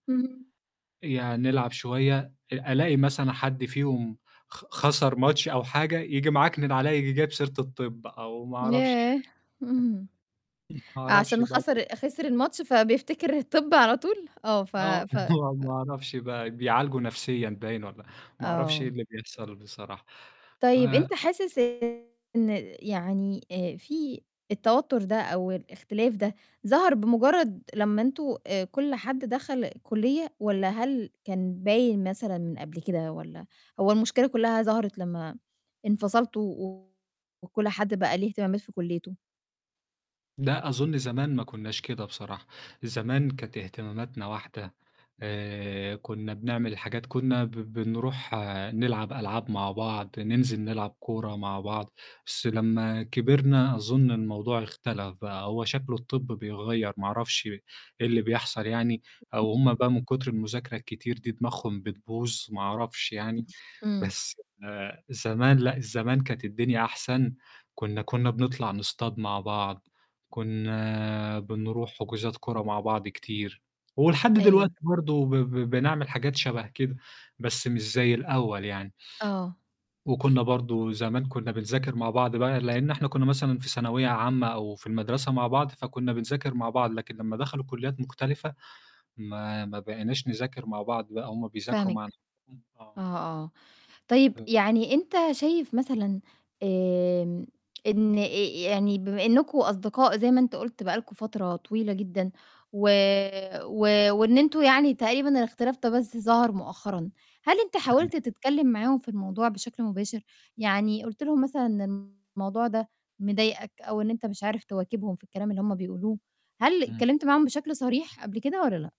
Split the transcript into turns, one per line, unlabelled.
إمم.
يا هنلعب شوية أ ألاقي مثلًا حد فيهم خ خَسر ماتش أو حاجة، ييجي معكنِن عليَّ ييجي جايب سيرة الطِب أو ما أعرفش.
ياه! إمم.
ما أعرفش
عشان
[unintelligible]
خَسر خِسر الماتش فبيفتكر الطِب على طول آه، ف
آه،
ف
ما
ف
أعرفش بقى بيعالجه نَفْسيًا باين والّا، ما أعرفش إيه
آه.
اللي بيحصل بصراحة ف
طيب أنت حاسس إن يعني آآ، في التوتّر ده أو الإختلاف ده، ظهر بمُجرّد لمّا أنتم آآ، كلّ حد دَخل كُلّية؟ والّا هل كان باين مثلًا من قبل كده؟ والّا هو المشكلة كلّها ظهرت لمّا انفصلتوا و وكلّ حد بقى ليه اهتمامات في كُلّيته؟
لأ، أظُن زمان ما كنّاش كده بصراحة، زمان كانت اهتماماتنا واحدة، آآ، كنّا بنعمل الحاجات كنّا ب بنروح نلعب ألعاب مع بعض، ننزِل نلعب كورة مع بعض، بس لمّا كبرنا أظُن الموضوع اختلَف بقى، هو شكله الطِب بيغيّر ما أعرفش إيه اللي بيحصل يعني، أو هُم بقى من كُتر المذاكرة الكتير دي دماغهم بتبوظ ما أعرفش يعني،
إمم.
بس آآ، زمان لأ، الزمان كانت الدنيا أحسن، كنّا كنّا بنطلع نصطاد مع بعض، كنّا بنروح حُجوزات كورة مع بعض كتير، ولحد
أيوه.
دلوقتي برضه ب بنعمل حاجات شَبه كده بس مش زي الأول يعني.
آه.
وكنّا برضه زمان كنّا بنذاكر مع بعض بقى لإن إحنا كنّا مثلًا في ثانوية عامة أو في المدرسة مع بعض فكنّا بنذاكر مع بعض، لكن لمّا دخلوا كُلّيات مختلفة ما ما بقيناش نذاكر مع بعض بقى هُم بيذاكروا مع
فاهماك.
نَفْسهم
آه،
آه.
آه. طيب
[unintelligible]
يعني أنت شايف مثلًا آمم، إن أ أ يعني بما إنّكم أصدقاء زي ما أنت قُلت بقى لكم فترة طويلة جدًا و و وإن أنتم يعني تقريبًا الإختلاف ده بس ظهر مؤخرًا، هل أنت
أيوه.
حاولت تتكلّم معاهم في الموضوع بشكل مباشر؟ يعني قُلت لهم مثلًا إن الموضوع ده مضايقك أو أنت مش عارف تواكبهم في الكلام اللي هُم بيقولوه، هل
إمم.
اتكلّمت معاهم بشكل صريح قبل كده والّا لأ؟